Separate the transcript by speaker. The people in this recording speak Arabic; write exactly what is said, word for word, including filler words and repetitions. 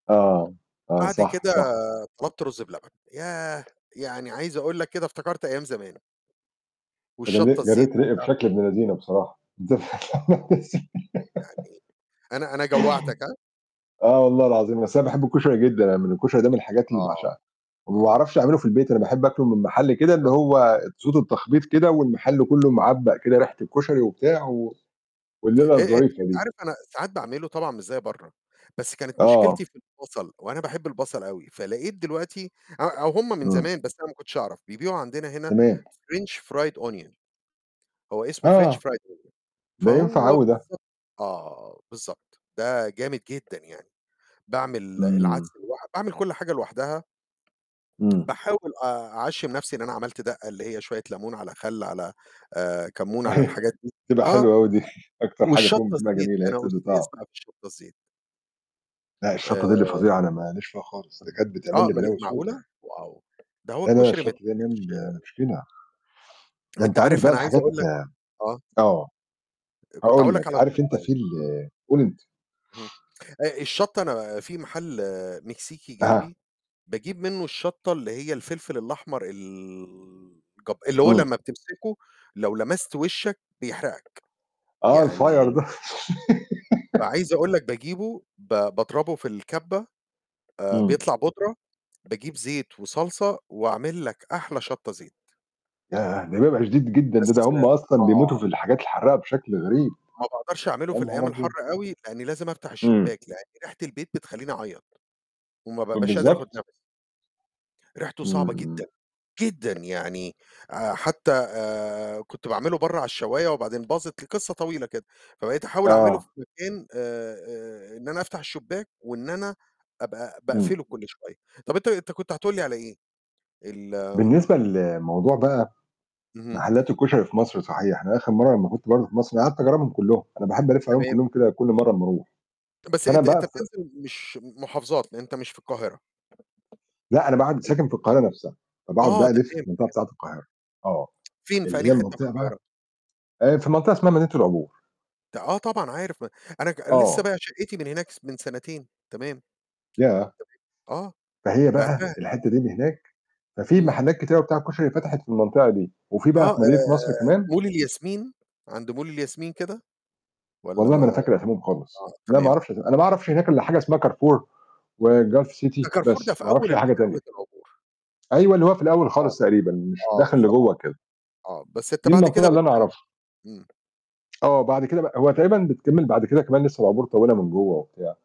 Speaker 1: آه، آه.
Speaker 2: بعد
Speaker 1: صح،
Speaker 2: كده
Speaker 1: صح.
Speaker 2: طلبت رُز بلبن. ياه! يعني عايز أقول لك كده، افتكرت أيام زمان.
Speaker 1: أنت
Speaker 2: والشطة
Speaker 1: جليت
Speaker 2: الزيت
Speaker 1: جرّيت ريقي
Speaker 2: بتاعتها.
Speaker 1: بشكل ابن لذينة بصراحة. ده
Speaker 2: يعني، أنا أنا جوّعتك ها؟
Speaker 1: آه والله العظيم. أصل أنا باحب الكشري جدًا. يعني الكشري ده من الحاجات اللي
Speaker 2: آه،
Speaker 1: باعشقها وما
Speaker 2: آه.
Speaker 1: باعرفش أعمله في البيت. أنا باحب آكله من محل كده اللي
Speaker 2: بالضبط.
Speaker 1: هو تسوده التخبيط كده والمحل كله معبّق كده ريحة الكشري وبتاع و والليلة
Speaker 2: آآ أت أنت
Speaker 1: الظريفة دي.
Speaker 2: عارف أنا ساعات باعمله طبعًا مش زي برّه، بس كانت مشكلتي
Speaker 1: آه.
Speaker 2: في البصل، وأنا باحب البصل أوي، فلقيت دلوقتي أو أو هٌم من
Speaker 1: امم.
Speaker 2: زمان بس أنا ما كنتش أعرف، بيبيعوا عندنا هنا
Speaker 1: تمام.
Speaker 2: French Fried Onion. هو اسمه French
Speaker 1: آه.
Speaker 2: Fried Onion.
Speaker 1: ده ينفع
Speaker 2: فهو
Speaker 1: أوي ده.
Speaker 2: بالضبط آه، بالضبط. ده جامد جدًا يعني. باعمل
Speaker 1: امم.
Speaker 2: العدس لوح وباعمل كل حاجة لوحدها.
Speaker 1: امم.
Speaker 2: باحاول آآ، أعشّم نفسي إن أنا عملت دقة اللي هي شويّة لمون على خل على آآ، كمون على
Speaker 1: أيوة
Speaker 2: الحاجات دي.
Speaker 1: بتبقى
Speaker 2: آه.
Speaker 1: حلوة أوي دي. أكتر حاجة
Speaker 2: والشطّة
Speaker 1: فيهم بتبقى
Speaker 2: الزيت،
Speaker 1: جميلة، هي
Speaker 2: أنا
Speaker 1: بتدّي
Speaker 2: أستاذ
Speaker 1: طعم.
Speaker 2: بقى في الشطّة الزيت.
Speaker 1: لأ، الشطّة دي اللي
Speaker 2: آآ
Speaker 1: فظيعة، أنا ما ليش فيها خالص. ده كانت
Speaker 2: آه
Speaker 1: بتعمل لي
Speaker 2: أومّال إيه،
Speaker 1: بلاوي سودا.
Speaker 2: معقولة؟ واو! ده هو
Speaker 1: لا، لا
Speaker 2: الكشري ما
Speaker 1: الشطّة دي يا
Speaker 2: يتّاكِلشِ
Speaker 1: man مشكلة. ده أنت
Speaker 2: أنت
Speaker 1: عارف
Speaker 2: عارف
Speaker 1: بقى
Speaker 2: أنا عايز
Speaker 1: الحاجات
Speaker 2: أقول لك آه.
Speaker 1: آه.
Speaker 2: أ كنت
Speaker 1: هاقول
Speaker 2: هأقول لك
Speaker 1: لك،
Speaker 2: على
Speaker 1: عارف أنت
Speaker 2: الشطّة يعني.
Speaker 1: في ال
Speaker 2: امم.
Speaker 1: قُل أنت.
Speaker 2: امم. آآ، الشطّة أنا في محل مكسيكي
Speaker 1: أها.
Speaker 2: جنبي، باجيب منه الشطّة اللي هي الفلفل الأحمر ال جب اللي هو
Speaker 1: امم.
Speaker 2: لمّا بتمسكه، لو لمست وشّك بيحرقك.
Speaker 1: آه الfire
Speaker 2: يعني
Speaker 1: ده.
Speaker 2: فعايز أقول لك باجيبه ب باضربه في الكبّة آآ،
Speaker 1: امم.
Speaker 2: بيطلع بودرة، باجيب زيت وصلصة وأعمل لك أحلى شطّة زيت.
Speaker 1: ياه! ده بيبقى شديد جدًا.
Speaker 2: بس
Speaker 1: ده، ده هُم أصلًا بيموتوا
Speaker 2: آه.
Speaker 1: في الحاجات الحرّاقة بشكل غريب.
Speaker 2: ما باقدرش أعمله
Speaker 1: يا
Speaker 2: في
Speaker 1: نهار
Speaker 2: الأيام
Speaker 1: أبيض!
Speaker 2: الحارة أوي، لأني لازم أفتح
Speaker 1: امم.
Speaker 2: الشباك، لإن ريحة البيت بتخلّيني أعيّط، وما
Speaker 1: ب
Speaker 2: بابقاش قادر آخد
Speaker 1: بالضبط.
Speaker 2: نفس. ريحته صعبة جدًا،
Speaker 1: امم.
Speaker 2: جدًا يعني آآ حتى آآ، كنت باعمله برّه على الشوّاية وبعدين باظت القصة طويلة كده. فبقيت أحاول أعمله
Speaker 1: آه.
Speaker 2: في مكان آآ، آآ، إن أنا أفتح الشباك، وإن أنا أبقى
Speaker 1: امم.
Speaker 2: باقفله كل شوية. طَب أنت أنت كنت هتقول لي على إيه؟ ال
Speaker 1: بالنسبة لموضوع بقى
Speaker 2: اهم. أنت
Speaker 1: محلّات الكشري
Speaker 2: بت
Speaker 1: في مصر صحيح. أنا آخر مرّة لمّا
Speaker 2: آه.
Speaker 1: كنت برضو في مصر قعدت أجرّبهم كلّهم. أنا باحب ألِف عليهم
Speaker 2: تمام.
Speaker 1: كلهم كده كل مرة أمّا أروح.
Speaker 2: ت بس
Speaker 1: فأنا
Speaker 2: أنت،
Speaker 1: بقى
Speaker 2: أنت
Speaker 1: افت
Speaker 2: بتنزل مش محافظات، لأن أنت مش في القاهرة.
Speaker 1: لأ، أنا بعد
Speaker 2: حلو.
Speaker 1: ساكن في القاهرة نفسها. فباقعد
Speaker 2: آه
Speaker 1: بقى ألِف في
Speaker 2: تمام،
Speaker 1: المنطقة
Speaker 2: تم
Speaker 1: بتاعة القاهرة. آه.
Speaker 2: فين. في
Speaker 1: اللي
Speaker 2: أنهي
Speaker 1: هي
Speaker 2: حِتّة في
Speaker 1: المنطقة بقى
Speaker 2: القاهرة؟
Speaker 1: آآ، في منطقة اسمها مدينة العبور.
Speaker 2: ت آه طبعًا عارف، ما أنا ك لسه
Speaker 1: آه.
Speaker 2: بايع شقّتي من هناك س من سنتين. تمام. تمام.
Speaker 1: ياه!
Speaker 2: آه.
Speaker 1: فهي بقى
Speaker 2: بِعتها.
Speaker 1: الحِتّة دي اللي هناك ففي
Speaker 2: امم.
Speaker 1: محلات كتيرة بتاعة كشري فتحت في المنطقة دي. وفي بقى
Speaker 2: آه آآ،
Speaker 1: في مدينة نصر كمان
Speaker 2: مول الياسمين، عند مول الياسمين كده؟ والّا
Speaker 1: والله
Speaker 2: ما
Speaker 1: ما أنا فاكر أساميهم خالص.
Speaker 2: آه،
Speaker 1: لا ما
Speaker 2: تمام.
Speaker 1: أعرفش أسا أنا ما أعرفش هناك إلا حاجة اسمها Carrefour وGulf City
Speaker 2: ده كارفور ده
Speaker 1: بس.
Speaker 2: في
Speaker 1: ما أعرفش
Speaker 2: أول
Speaker 1: أي
Speaker 2: ال
Speaker 1: حاجة تانية.
Speaker 2: دخلة العبور.
Speaker 1: أيوه، اللي هو في الأول
Speaker 2: آه،
Speaker 1: خالص تقريبًا. مش
Speaker 2: آه
Speaker 1: داخل
Speaker 2: بالضبط.
Speaker 1: لجوّه كده.
Speaker 2: آه، بس أنت
Speaker 1: دي
Speaker 2: بعد
Speaker 1: المنطقة
Speaker 2: كده
Speaker 1: اللي أنا
Speaker 2: بتكمّل.
Speaker 1: أعرفها.
Speaker 2: امم.
Speaker 1: آه، بعد كده بقى هو تقريبًا بتكمِّل بعد كده كمان لسه العبور طويلة من جوّه وبتاع.